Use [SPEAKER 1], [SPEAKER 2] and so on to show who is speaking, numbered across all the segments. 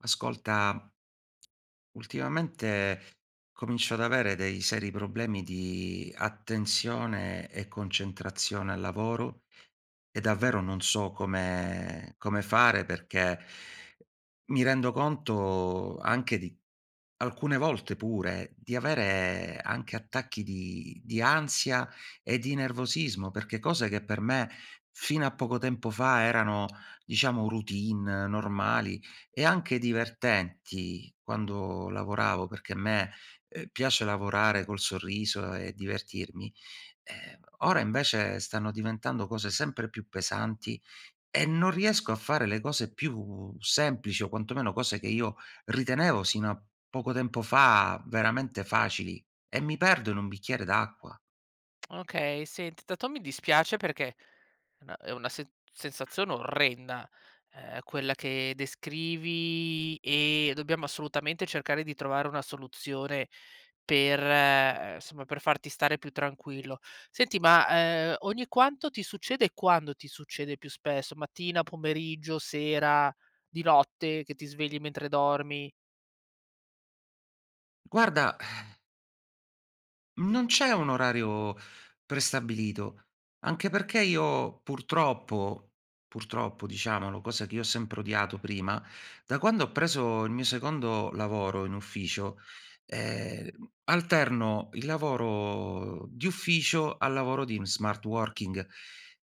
[SPEAKER 1] Ascolta ultimamente comincio ad avere dei seri problemi di attenzione e concentrazione al lavoro, e davvero non so come come fare perché mi rendo conto anche di alcune volte pure, di avere anche attacchi di di ansia e di nervosismo. Perché cose che per me fino a poco tempo fa erano, diciamo, routine, normali e anche divertenti quando lavoravo, perché a me, uhm, piace lavorare col sorriso e divertirmi, ehm, ora invece stanno diventando cose sempre più pesanti, e non riesco a fare le cose più semplici, o quantomeno cose che io ritenevo sino a poco tempo fa veramente facili, e mi perdo in un bicchiere d'acqua.
[SPEAKER 2] Okay. Senti, tanto mi dispiace, perché è na è una sen sensazione orrenda, ehm, quella che descrivi, e dobbiamo assolutamente cercare di trovare una soluzione per, uhm, somma per farti stare più tranquillo. Senti ma, uhm, ogni quanto ti succede, e quando ti succede più spesso, mattina, pomeriggio, sera, di notte, che ti svegli mentre dormi?
[SPEAKER 1] Guarda non c'è un orario prestabilito, anche perché io purtroppo purtroppo, diciamolo, cosa che io ho sempre odiato prima, da quando ho preso il mio secondo lavoro in ufficio, ehm, alterno il lavoro di ufficio al lavoro di in smart working.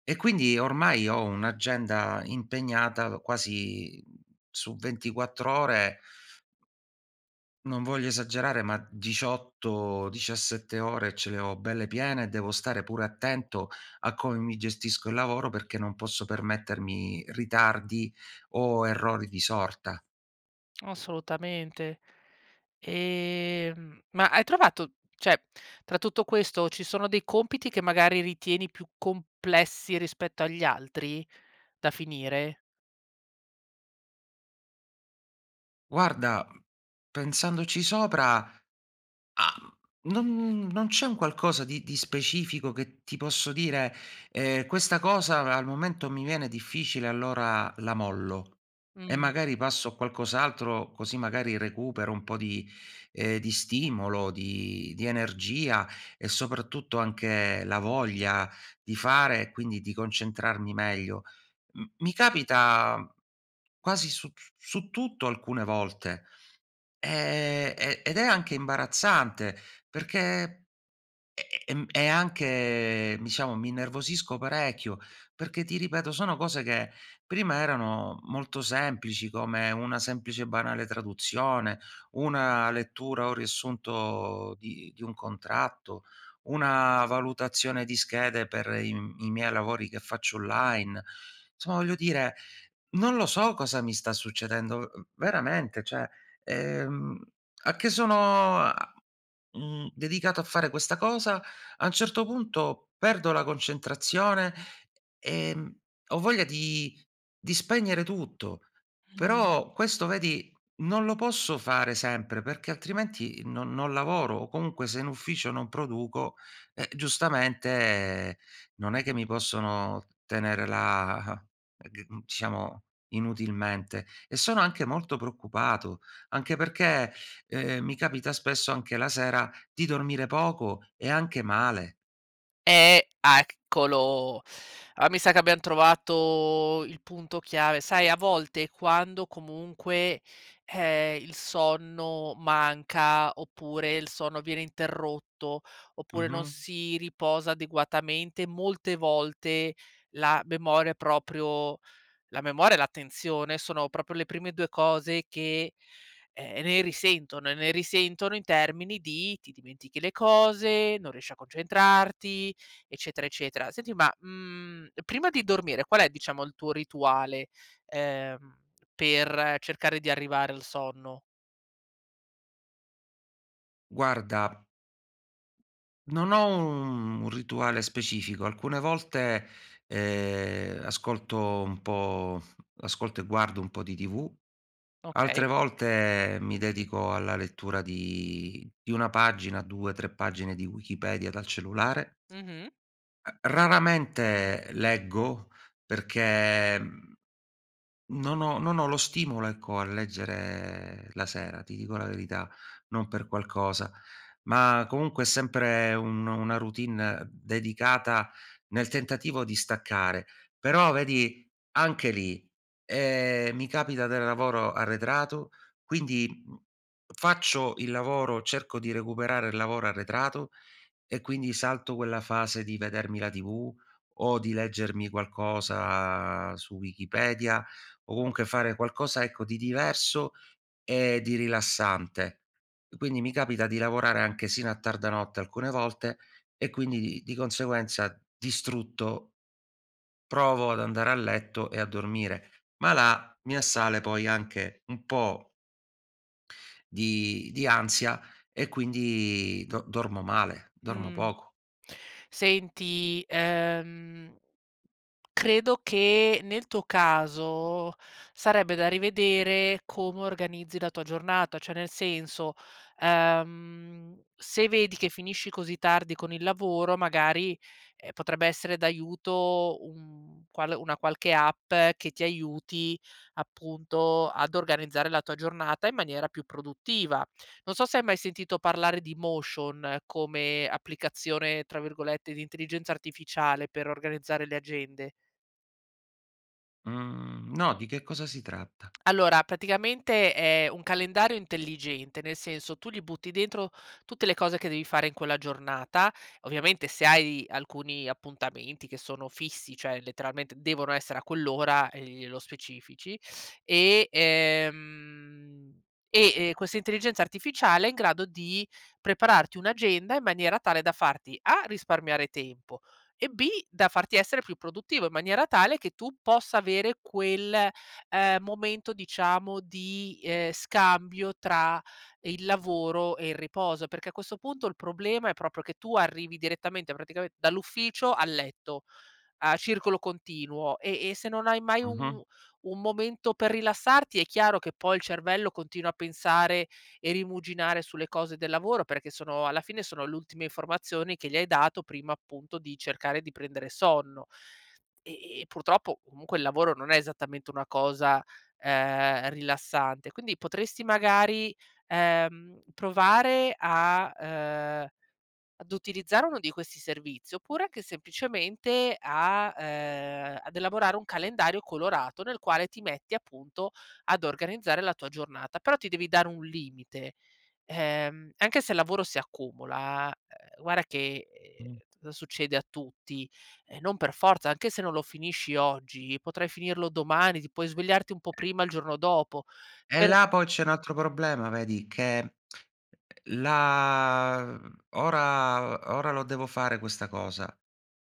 [SPEAKER 1] E quindi ormai ho un'agenda impegnata, lo quasi, su 24 ore non voglio esagerare, ma 18, 17 ore ce le ho belle piene, e devo stare pure attento a com mi gestisco il lavoro perché non posso permettermi ritardi o errori di sorta.
[SPEAKER 2] Assolutamente. Ehm, ma hai trovato, cioè, tra tutto questo ci sono dei compiti che magari ritieni più complessi rispetto agli altri, da finire?
[SPEAKER 1] Guarda, mhmm, pensandoci sopra, uhm, non n non c'è un qualcosa di di specifico che ti posso dire: "Ehm, questa cosa a al momento mi viene difficile, allora la mollo e
[SPEAKER 2] Mh.
[SPEAKER 1] magari passo a qualcos'altro così magari recupero un po' di ehm, di stimolo, di di energia e, soprattutto, anche la voglia di fare e quindi di concentrarmi meglio." M mi capita quasi su t su tutto alcune volte. Ehm, e ed è anche imbarazzante perché ehm, e è anche ehm, diciamo mi innervosisco parecchio perché, ti ripeto, sono cose che prima erano molto semplici, come una semplice e banale traduzione, una lettura o riassunto di di un contratto, una valutazione di schede per i m i miei lavori che faccio online. [unintelligible] Voglio dire non lo so cosa mi sta succedendo. Uhm, veramente, cioè ehm, a che sono a mhmm, dedicato a fare questa cosa, a un certo punto perdo la concentrazione, ehm, ho voglia di di spegnere tutto.
[SPEAKER 2] Mh-mh.
[SPEAKER 1] Però questo vedi, non lo posso fare sempre, perché altrimenti non non lavoro o comunque se in ufficio non produco, eh, giustamente non è che mi possono tenere la g di mhmm, diciamo inutilmente. E sono anche molto preoccupato, anche perché, ehm, mi capita spesso anche la sera di dormire poco e anche male.
[SPEAKER 2] Ehm, ah, eccolo. Allora mi sa che abbiam trovato il punto chiave. Sai a volte quando comunque, ehm, il sonno manca, oppure il sonno viene interrotto, oppure non
[SPEAKER 1] Mh-mh.
[SPEAKER 2] si riposa adeguatamente, molte volte, la memoria è proprio la memoria e l'attenzione, sono proprio le prime 2 cose che, ehm, ne risentono e ne risentono in termini di: ti dimentichi le cose, non riesci a concentrarti, eccetera, eccetera. Senti ma, mhmm, prima di dormire qual è diciamo il tuo rituale, ehm, per cercare di arrivare al sonno?
[SPEAKER 1] Guarda non ho un un rituale specifico. Alcune volte, ehm, ascolto un po' ascolto e guardo un po' di tv, altre
[SPEAKER 2] Okay.
[SPEAKER 1] volte mi dedico alla lettura di di 1 pagina, 2, 3 pagine di Wikipedia dal cellulare.
[SPEAKER 2] Mh-mh.
[SPEAKER 1] Uhm, raramente leggo perché, mhmm, non ho non ho lo stimolo, ecco, a leggere la sera, ti dico la verità, non per qualcosa, ma comunque è sempre un una routine dedicata nel tentativo di staccare. Però vedi anche lì, ehm, mi capita del lavoro arretrato, quindi, mhmm, faccio il lavoro, cerco di recuperare il lavoro arretrato e, quindi, salto quella fase di vedermi la TV o di leggermi qualcosa su Wikipedia o comunque fare qualcosa, ecco, di diverso e di rilassante. Quindi mi capita di lavorare anche sino a tarda notte alcune volte e quindi di di conseguenza, distrutto, provo ad andare a letto e a dormire. Ma là mi assale poi anche un po' di di ansia e quindi do dormo male, dormo
[SPEAKER 2] Mhmm.
[SPEAKER 1] poco.
[SPEAKER 2] Senti, ehm, credo che nel tuo caso sarebbe da rivedere com organizzi la tua giornata, cioè nel senso, uhm, se vedi che finisci così tardi con il lavoro magari, ehm, potrebbe essere d'aiuto un qual una qualche app che ti aiuti, appunto, ad organizzare la tua giornata in maniera più produttiva. Non so se hai mai sentito parlare di Motion come "applicazione", tra virgolette, di intelligenza artificiale, per organizzare le agende.
[SPEAKER 1] Mhmm, no. Di che cosa si tratta?
[SPEAKER 2] Allora praticamente è un calendario intelligente, nel senso, tu gli butti dentro tutte le cose che devi fare in quella giornata. Ovviamente se hai alcuni appuntamenti che sono fissi, cioè, letteralmente devono essere a quell'ora, ehm, glielo specifici e ehm, e questa intelligenza artificiale è in grado di prepararti un'agenda, in maniera tale, da farti A risparmiare tempo e B da farti essere più produttivo, in maniera tale che tu possa avere quel, ehm, momento diciamo di, ehm, scambio tra il lavoro e il riposo. Perché a questo punto il problema è proprio che tu arrivi direttamente, praticamente, dall'ufficio al letto a circolo continuo. E e se non hai mai
[SPEAKER 1] Mh-mh.
[SPEAKER 2] un un momento per rilassarti è chiaro che poi il cervello continua a pensare e rimuginare sulle cose del lavoro, perché sono alla fine sono l'ultime informazioni che gli hai dato prima, appunto, di cercare di prendere sonno. Ehm, e purtroppo comunque il lavoro non è esattamente una cosa, ehm, rilassante, quindi potresti magari, ehm, provare a uhm, ad utilizzare uno di questi servizi, oppure anche semplicemente a uhm, ad elaborare un calendario colorato, nel quale ti metti, appunto, ad organizzare la tua giornata. Però ti devi dare un limite. Ehm, anche se il lavoro si accumula, uhm, guarda che,
[SPEAKER 1] Mh.
[SPEAKER 2] uhm, t succede a tutti, ehm, non per forza anche se non lo finisci oggi potrai finirlo domani. Ti puoi svegliarti un po' prima il giorno dopo
[SPEAKER 1] Eh,
[SPEAKER 2] per
[SPEAKER 1] là poi c'è un altro problema vedi che uhm, la mhmm, ora ora lo devo fare questa cosa.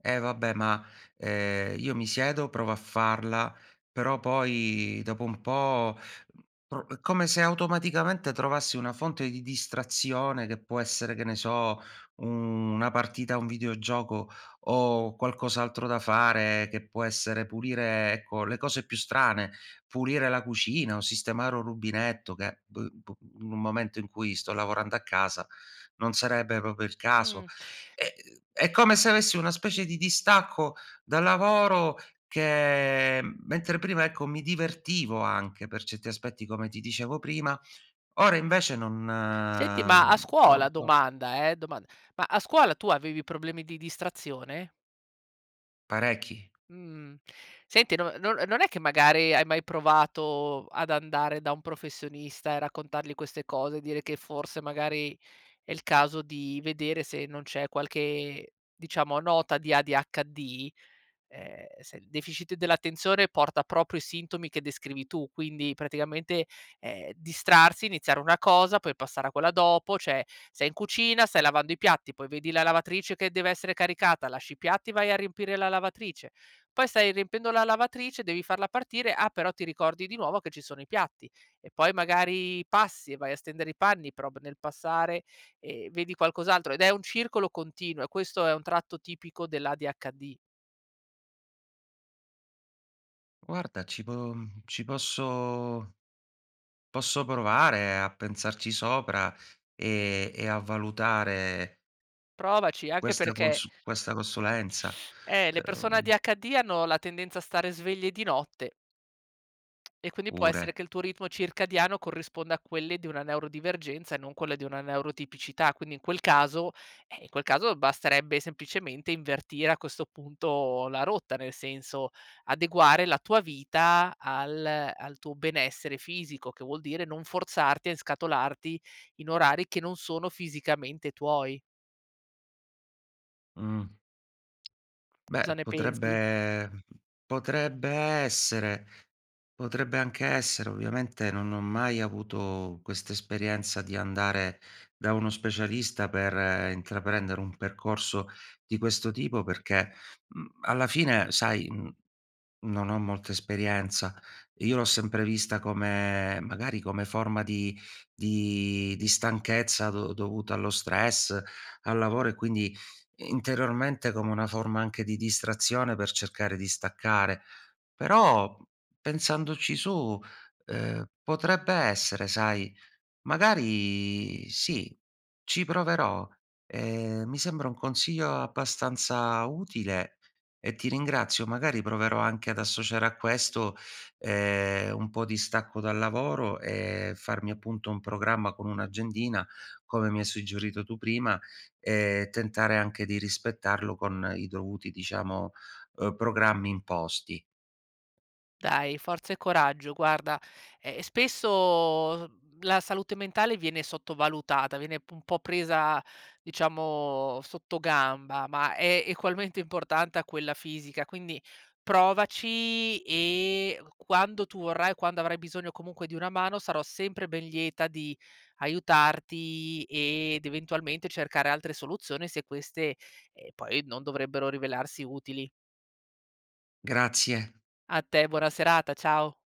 [SPEAKER 1] Eh, vabbè ma, ehm, io mi siedo provo a farla però poi dopo un po', mhmm, pro come se automaticamente trovassi una fonte di distrazione che può essere, che ne so, u una partita a un videogioco o qualcos'altro da fare che può essere pulire, ecco, le cose più strane, pulire la cucina o sistemare un rubinetto che, boh, b in un momento in cui sto lavorando a casa, non sarebbe proprio il caso.
[SPEAKER 2] Mh.
[SPEAKER 1] Ehm, è come se avessi una specie di distacco dal lavoro che mentre prima ecco mi divertivo anche per certi aspetti come ti dicevo prima, ora invece non
[SPEAKER 2] Senti ma a
[SPEAKER 1] non
[SPEAKER 2] scuola,
[SPEAKER 1] so.
[SPEAKER 2] domanda, eh domand ma scuola tu avevi problemi di distrazione?
[SPEAKER 1] Parecchi.
[SPEAKER 2] Mhmm, senti non no non è che magari hai mai provato ad andare da un professionista e raccontargli queste cose dire che, forse, magari è il caso di vedere se non c'è qualche, diciamo, nota di ADHD? Ehm, se il deficit dell'attenzione porta proprio i sintomi che descrivi tu quindi, praticamente, ehm, distrarsi, iniziare una cosa, puoi passare a quella dopo, cioè sei in cucina, stai lavando i piatti, poi vedi la lavatrice che deve essere caricata, lasci i piatti, vai a riempire la lavatrice, poi stai riempiendo la lavatrice, devi farla partire, ah, però ti ricordi di nuovo che ci sono i piatti e poi magari passi e vai a stendere i panni però p nel passare e vedi qualcos'altro. Ed è un circolo continuo e questo è un tratto tipico dell'ADHD.
[SPEAKER 1] Guarda ci po ci posso posso provare a pensarci sopra, ehm, e a valutare
[SPEAKER 2] Provaci anche
[SPEAKER 1] questa
[SPEAKER 2] perché
[SPEAKER 1] consu questa consulenza,
[SPEAKER 2] eh, le persone
[SPEAKER 1] ehm
[SPEAKER 2] ADHD hanno la tendenza a stare sveglie di notte. E quindi può essere
[SPEAKER 1] Pure.
[SPEAKER 2] che il tuo ritmo circadiano corrisponda a quelle di una neurodivergenza e non quelle di una neurotipicità. Quindi in quel caso ehm, in quel caso basterebbe semplicemente invertire, a questo punto, la rotta. Nel senso, adeguare la tua vita al al tuo benessere fisico, che vuol dire non forzarti a inscatolarti in orari che non sono fisicamente tuoi.
[SPEAKER 1] Mh.
[SPEAKER 2] Cosa
[SPEAKER 1] Beh,
[SPEAKER 2] ne pensi?
[SPEAKER 1] potrebbe potrebbe essere, potrebbe anche essere. Ovviamente non ho mai avuto questa esperienza di andare da uno specialista per intraprendere un percorso di questo tipo perché, mhmm, alla fine sai, mhmm, non ho molta esperienza. Io l'ho sempre vista come magari come forma di di di stanchezza do dovuta allo stress, al lavoro e quindi, interiormente, come una forma anche di distrazione, per cercare di staccare. Però p pensandoci su, ehm, potrebbe essere, sai. Magari sì, ci proverò. Ehm, mi sembra un consiglio abbastanza utile e ti ringrazio. Magari proverò anche ad associare a questo, ehm, un po' di stacco dal lavoro, e farmi, appunto, un programma con un'agendina, come mi hai suggerito tu prima, e tentare anche di rispettarlo con i dovuti, diciamo, uhm, programmi imposti.
[SPEAKER 2] Dai, forza e coraggio. Guarda, ehm, spesso, mhmm, la salute mentale viene sottovalutata. Viene un po' presa, diciamo, sottogamba, ma è egualmente importante a quella fisica, quindi provaci e q quando tu vorrai, quando avrai bisogno comunque di una mano, sarò sempre ben lieta di aiutarti ed, eventualmente, cercare altre soluzioni se queste, ehm, poi non dovrebbero rivelarsi utili.
[SPEAKER 1] Grazie.
[SPEAKER 2] A te. Buona serata. Ciao.